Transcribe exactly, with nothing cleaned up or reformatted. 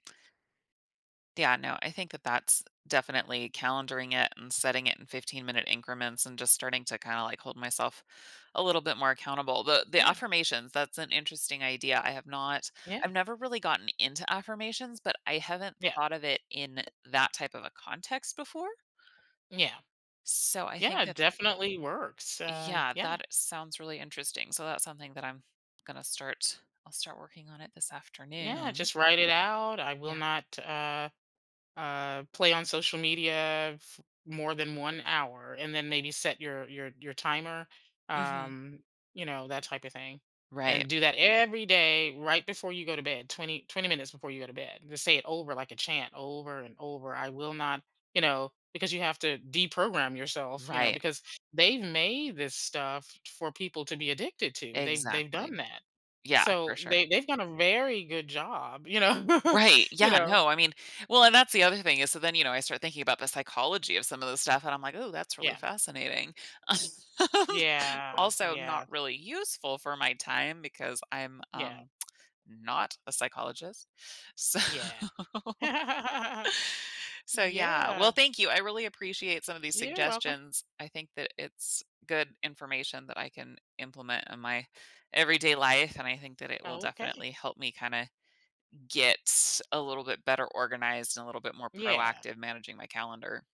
Yeah, no, I think that that's definitely calendaring it and setting it in 15-minute increments and just starting to kinda, like, hold myself a little bit more accountable, but the Yeah. affirmations, that's an interesting idea, I have not Yeah. I've never really gotten into affirmations, but I haven't Yeah. thought of it in that type of a context before Yeah. so I think Yeah, that definitely works. Um, Yeah. yeah. That sounds really interesting, so that's something that I'm gonna start, I'll start working on it this Yeah, afternoon. just write it out, "I will Yeah. not, uh, uh, play on social media f more than one hour," and then maybe set your your your timer, Mhm. um, you know, that type of thing, Right. and do that every day, right before you go to bed, twenty twenty minutes before you go to bed, and just say it over like a chant, over and over, "I will not" you know, because you have to deprogram yourself, you know, Right. because they've made this stuff for people to be addicted to, they've they've done Exactly. that. Yeah, for So sure. they they've done a very good job, you know, Right. you Yeah, know? no, I mean Well, and that's the other thing is, so then, you know, I start thinking about the psychology of some of those stuff and I'm like, "Ooh, that's really Yeah. fascinating." Yeah. Also, Yeah. not really useful for my time because I'm, Yeah. um, not a psychologist. So Yeah. So, yeah. Well, Yeah. thank you. I really appreciate some of these You're welcome. suggestions. I think that it's good information that I can implement in my everyday life, and I think that it will Okay. definitely help me kinda get a little bit better organized and a little bit more Yeah. proactive managing my calendar.